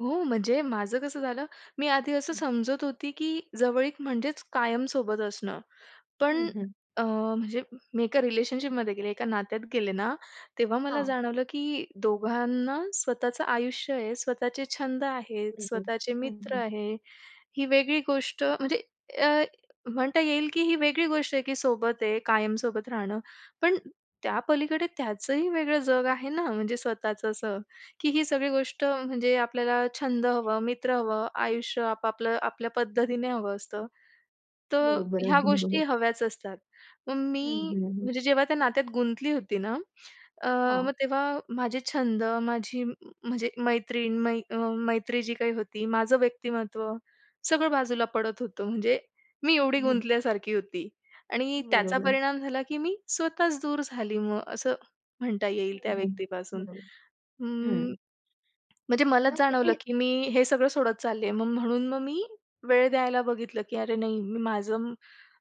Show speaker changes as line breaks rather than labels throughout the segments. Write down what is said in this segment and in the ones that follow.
हो, म्हणजे माझं कसं झालं, मी आधी असं
हं.
समजत होती की जवळीक म्हणजेच कायम सोबत असणं, पण
हं, हं.
अ, म्हणजे मी एका रिलेशनशिपमध्ये गेले, एका नात्यात गेले ना, तेव्हा मला
हां.
जाणवलं, की दोघांना स्वतःचं आयुष्य आहे, स्वतःचे छंद आहेत,
बरोबर,
स्वतःचे
हं,
मित्र
हं.
आहे. ही वेगळी गोष्ट म्हणजे अ, म्हणता येईल की ही वेगळी गोष्ट आहे, की सोबत आहे कायम सोबत राहणं, पण त्यापलीकडे त्याचंही वेगळं जग आहे ना, म्हणजे स्वतःचं असं की ही सगळी गोष्ट म्हणजे आपल्याला छंद हवं, मित्र हवं, आयुष्य आपापलं आपल्या पद्धतीने हवं असतं. तर
बरोबर,
ह्या
अगदी
गोष्टी
बरोबर.
हव्याच असतात, मग
हं,
मी
हं. हं.
म्हणजे जेव्हा त्या नात्यात गुंतली होती ना, अ,
हां.
मग तेव्हा माझे छंद माझी म्हणजे मैत्रीण मै अ मैत्री जी काही होती, माझं व्यक्तिमत्त्व सगळं बाजूला पडत होतं, म्हणजे मी एवढी गुंतल्यासारखी होती आणि त्याचा
बरोबर
परिणाम झाला, की मी स्वतःच दूर झाली मग, असं म्हणता येईल
हं,
त्या
हं.
व्यक्तीपासून.
बरोबर. हं.
अं, म्हणजे
मग
मलाच
ते
जाणवलं, की मी हे सगळं सोडत चालली आहे, मग म्हणून मग मी वेळ द्यायला बघितलं की "अरे नाही, मी माझं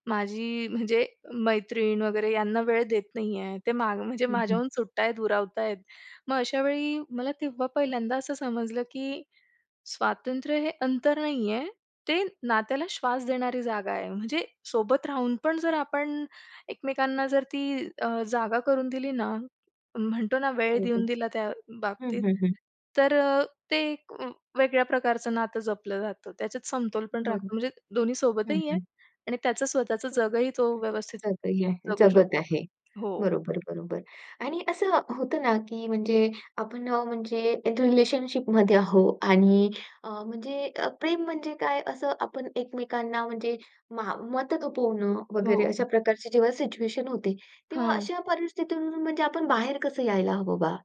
माझी म्हणजे मैत्रीण वगैरे यांना वेळ देत नाहीये, ते म्हणजे मागं
हं, हं.
माझ्याहून सुटतायेत, दुरावतायेत." मग अशा वेळी मला तेव्हा पहिल्यांदा असं समजलं, की स्वातंत्र्य हे अंतर नाहीये, ते नात्याला श्वास देणारी जागा आहे. म्हणजे सोबत राहून पण जर आपण एकमेकांना जर ती अ, जागा करून दिली ना, म्हणतो ना वेळ देऊन
बरोबर.
दिला त्या
हं,
बाबतीत,
हं. हं.
तर अ, ते एक व वेगळ्या प्रकारचं नातं जपलं जातं. त्याच्यात समतोल पण राखतो
बरोबर,
म्हणजे दोन्ही
हं,
सोबतही आहे
हं.
आणि त्याचं स्वतःचं जगही तो व्यवस्थित
[unintelligible]
जगू
जगत
शकतो.
आहे.
हो.
बरोबर, बरोबर आणि असं होतं ना, की म्हणजे अ, आपण म्हणजे रिलेशनशिपमध्ये आहो आणि अ, म्हणजे प्रेम म्हणजे काय असं आपण एकमेकांना म्हणजे मा मत थोपवणं वगैरे
हो.
अशा प्रकारची जेव्हा सिच्युएशन होते, तेव्हा
हां.
अशा परिस्थितीतून म्हणजे आपण बाहेर कसं यायला हवं बा?